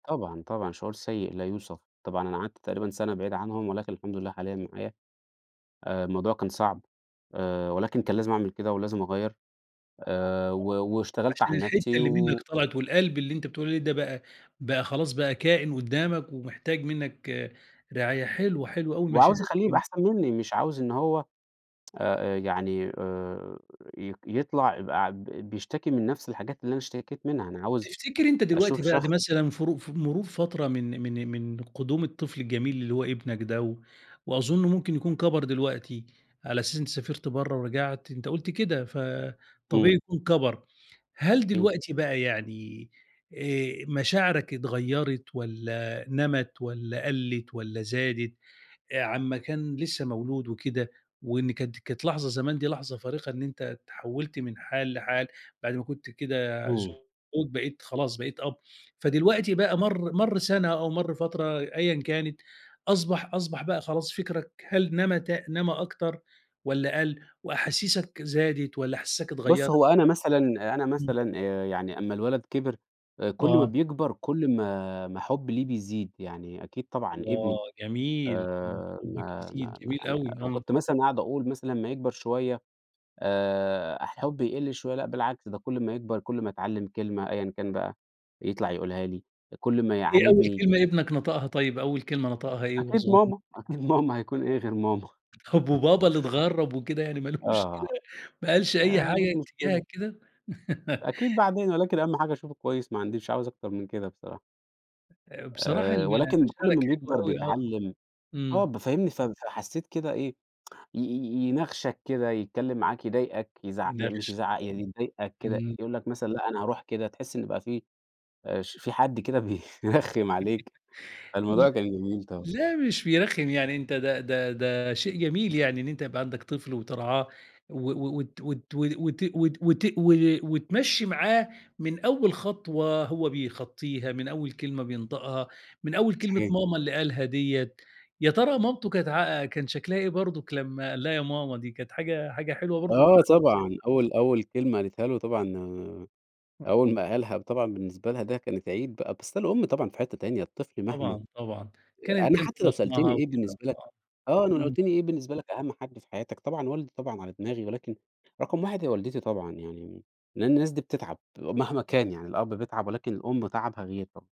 طبعًا، طبعًا، شعور سيء لا يوصف. طبعًا أنا قعدت تقريبًا سَنة بعيد عنهم، ولكن الحمد لله حاليًا معايا. آآ الموضوع كان صعب، آآ ولكن كان لازم أعمل كده ولازم أغيّر، آآ و واشتغلت عشان على الحتّة نفسي اللي منّك و طلعت والقلب اللي أنت بتقول عليه ده بقى، بقى خلاص بقى كائِن قُدّامك ومحتاج منّك رعاية. حلوة، حلوة أوي المشاعر وعاوز أخلّيه يبقى دي. أحسن منّي، مش عاوز إن هو آآ يعني آآ ي يطلع يبقى ب بيشتكي من نفس الحاجات اللي أنا اشتكيت منها، أنا عاوز تفتكر أنت دلوقتي أشوف بعد شخص مثلًا فرو ف مرور فترة من من من قُدوم الطفل الجميل اللي هو ابنك ده و وأظُن ممكن يكون كَبَر دلوقتي على أساس أنت سافرت برّه ورجعت، أنت قُلت كده، فطبيعي إمم. يكون كَبَر. هل إمم. دلوقتي بقى يعني آآ مشاعرك اتغيّرت والّا نَمَت والّا قَلِّت والّا زادت آآ على أمّا كان لسّه مولود وكده، وإن كانت كانت لحظة زمان دي لحظة فارقة إن أنت اتحوّلت من حال لحال بعد ما كنت كده إمم. زوج، بقيت خلاص، بقيت أب، فدلوقتي بقى مَر مَر سَنة أو مَر فترة أيًا كانت أصبح أصبح بقى خلاص فكّرك هل نمى ت نمى أكتر والّا قَل وأحاسيسك زادت والّا أحاسيسك بُص، اتغيّرت؟ هو أنا مثلًا أنا إمم. مثلًا آآ يعني أمّا الولد كِبِر آآ كل ما آه. بيكبر، كل ما ما حُبّي له بيزيد. يعني أكيد طبعًا الله! ابني. جميل. إمم. آآ حُبّك ما يزيد، ما ما جميل يعني أوي، آه. وكنت مثلًا أقعد أقول مثلًا أمّا يكبر شوية آآ الحُب يقل شوية لأ بالعكس، ده كل ما يكبر، كل ما يتعلّم كلمة أيًا كان بقى يطلع يقولها لي، كل ما إيه أول يعاندني. كلمة ابنك نطقها طيب؟ أول كلمة نطقها إيه وهو أكيد صغن ماما، أكيد ماما. هيكون إيه غير ماما؟ طب وبابا اللي اتغرّب وكده يعني ما لوش كده، آه. ما قالش آآ أي ما حاجة عنديش مشكلة. اتجاهك كده؟ أكيد بعدين، ولكن أهَم حاجة أشوفه كويس ما عنديش مش عاوز أكتر من كده بصراحة. آآ بصراحة آآ ال ولكن كل مشاعرك ما حلوة بيكبر أوي آه. بيتعلّم آه. إمم. ب فاهمني؟ ف فحسّيت كده إيه، ي ي يناغشك كده، يتكلّم معاك، يضايقك، يزع يعني مش بيناغشك يزعق، يعني آه. يضايقك كده، إمم. يقول لك مثلًا لأ أنا هاروح كده تحِس إنه يبقى في آآ ش في حد كده بيرخّم عليك. ل فالموضوع كان جميل طبعًا. لا مش بيرخّم، يعني أنت ده ده ده شيء جميل يعني إن أنت يبقى عندك طفل وترعاه و و وت وت وت وت وت و وتمشِّي معاه من أول خطوة هو بيخطّيها، من أول كلمة بينطقها، من أول كلمة صحيح. ماما اللي قالها ديّة، يا ترى مامته كانت عا كان شكلها إيه برضك لمّا قال لها يا ماما دي؟ كانت حاجة حاجة حلوة برضه آه طبعًا. أول أول كلمة قالتها له طبعًا أول ما قالها طبعًا بالنسبة لها ده كانت عيد بقى، بس الأم طبعًا في حتّة تانية، الطفل مهما طبعًا، طبعًا. كانت أنا كان في حتّى لو سألتني بطنها إيه وكده بالنسبة لك آه. آه. أنا لو إمم. قُلت لي إيه بالنسبة لك أهَم حد في حياتك، طبعًا والدي طبعًا على دماغي ولكن رقم 1 هي والدتي طبعًا يعني، لإن الناس دي بتتعب، مهما كان يعني الأب بيتعب ولكن الأم تعبها غير طبعًا.